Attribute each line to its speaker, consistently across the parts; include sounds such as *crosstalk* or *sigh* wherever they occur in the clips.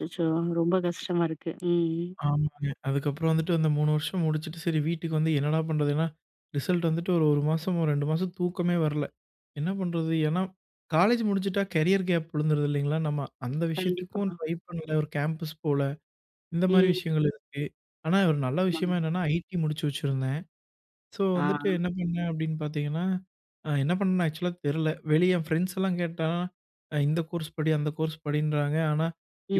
Speaker 1: அச்சச்சோ! ரொம்ப கஷ்டமா இருக்கு, ம்.
Speaker 2: ஆமாங்க. அதுக்கப்புறம் வந்துட்டு அந்த 3 வருஷம் முடிச்சுட்டு, சரி வீட்டுக்கு வந்து என்னடா பண்ணுறதுனா ரிசல்ட் வந்துட்டு ஒரு 1 மாசமோ 2 மாசம் தூக்கமே வரல. என்ன பண்ணுறது? ஏன்னா காலேஜ் முடிஞ்சிட்டா கேரியர் கேப் விழுந்துடுது இல்லங்களா, நம்ம அந்த
Speaker 1: கண்டிப்பா.
Speaker 2: விஷயத்துக்கும் ட்ரை பண்ணல ஒரு கேம்பஸ் போல. இந்த மாதிரி
Speaker 1: ம்.
Speaker 2: விஷயங்கள் இருக்கு. ஆனா ஒரு நல்ல
Speaker 1: ஆமாங்க.
Speaker 2: விஷயமா என்னன்னா ஐடி முடிச்சு வச்சிருந்தேன். ஸோ
Speaker 1: ஆ.
Speaker 2: வந்துட்டு என்ன பண்ணேன், அப்படின்னு பாத்தீங்கன்னா, என்ன பண்ணேன்னு ஆக்சுவலா தெரில. வெளிய என் ஃப்ரெண்ட்ஸ்லாம் கேட்டா "இந்த கோர்ஸ் படி அந்த கோர்ஸ் படின்றாங்க. ஆனா,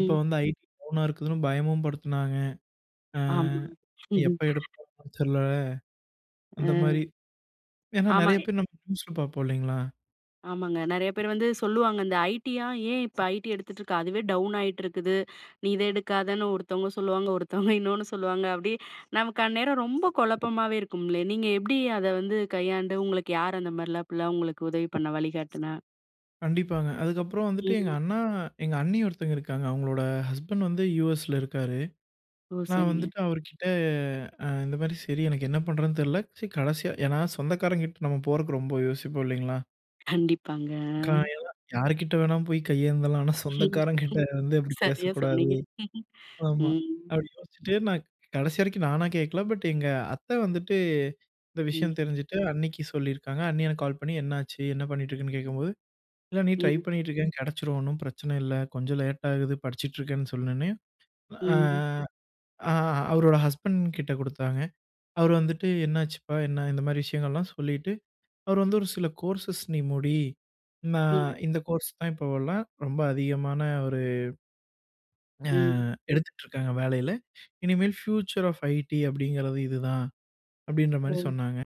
Speaker 2: இப்போ வந்து ஐடி டவுன்னா இருக்குதுன்னு," பயமும் படுத்தினாங்க. அ
Speaker 1: ஆமாங்க.
Speaker 2: எப்போ
Speaker 1: *laughs*
Speaker 2: எடுப்பாங்கன்னு தெரில. அந்த மாதிரி
Speaker 1: அ.
Speaker 2: ஏன்னா நெறைய
Speaker 1: ஆமாங்க.
Speaker 2: பேர் நியூஸ்ல பாப்போம் இல்லைங்களா?
Speaker 1: ஆமாங்க. நெறைய பேர் வந்து சொல்லுவாங்க. இந்த ஐடியா, "ஏன் இப்போ ஐடி எடுத்துகிட்டு இருக்க அதுவே டவுன் ஆகிட்டு இருக்குது. நீ இதை எடுக்காதன்னு." ஒருத்தவங்க சொல்லுவாங்க. ஒருத்தவங்க இன்னொன்னு சொல்லுவாங்க. அப்படி நமக்கு அந்நேரம் ரொம்ப குழப்பமாகவே இருக்கும்லே, நீங்க எப்படி அத வந்து கையாண்டு உங்களுக்கு யார் அந்த மாதிரிலாம், அப்படிலாம் உங்களுக்கு உதவி பண்ணா வழிகாட்டினா?
Speaker 2: கண்டிப்பாங்க. அதுக்கப்புறம் வந்துட்டு எங்க
Speaker 1: ம்.
Speaker 2: அண்ணா எங்க அண்ணி ஒருத்தர் இருக்காங்க. அவங்களோட ஹஸ்பண்ட் வந்து யுஎஸ்ல இருக்காரு.
Speaker 1: ஓ!
Speaker 2: நான்
Speaker 1: சரிங்க.
Speaker 2: வந்துட்டு அவருகிட்ட இந்த மாதிரி சரி, எனக்கு என்ன பண்ணுறதுன்னு தெரில. கடைசியா ஏன்னா, சொந்தக்காரங்க கிட்ட நம்ம போறதற்கு ரொம்ப யோசிப்போம் இல்லைங்களா?
Speaker 1: கண்டிப்பாங்க.
Speaker 2: *unintelligible* யாருகிட்ட வேணாலும் போய் கையேந்தலாம். ஆனா,
Speaker 1: ம்,
Speaker 2: சொந்தக்காரங்க கிட்ட வந்து அப்படி
Speaker 1: சரியா
Speaker 2: பேசக்கூடாது.
Speaker 1: சொன்னீங்க, *laughs*
Speaker 2: ஆமா,
Speaker 1: ம்.
Speaker 2: அப்படி யோசிச்சுட்டு நான் கடைசி வரைக்கும், நானா கேட்கல பட் எங்க அத்த வந்துட்டு இந்த
Speaker 1: ம்.
Speaker 2: விஷயம் தெரிஞ்சுட்டு அண்ணிக்கு சொல்லியிருக்காங்க. அண்ணி எனக்கு கால் பண்ணி "என்னாச்சு, என்ன பண்ணிட்டு இருக்குன்னு." கேட்கும்போது இல்ல அண்ணி ட்ரை
Speaker 1: ம்.
Speaker 2: பண்ணிகிட்டுருக்கே கிடைச்சுடும் ஒண்ணும் பிரச்சனை இல்ல. கொஞ்சம் லேட் ஆகுது படிச்சிட்டுருக்கேன்னு சொன்னனே. ஆ
Speaker 1: ம்.
Speaker 2: அவரோட ஹஸ்பண்ட் கிட்டே கொடுத்தாங்க அவர் வந்துட்டு என்னாச்சுப்பா என்ன இந்த மாதிரி விஷயங்கள்லாம் சொல்லிட்டு, அவர் வந்து ஒரு சில கோர்ஸஸ் நீ முடி
Speaker 1: ம்.
Speaker 2: நான் இந்த கோர்ஸ் தான் இப்போலாம் ரொம்ப அதிகமான ஒரு அ அ
Speaker 1: ம்.
Speaker 2: எடுத்துட்டு இருக்காங்க வேலையில இனிமேல் பியூச்சர் ஆஃப் ஐடி அப்படிங்கிறது இதுதான் அப்படின்ற மாரி
Speaker 1: ஓ!
Speaker 2: சொன்னாங்க.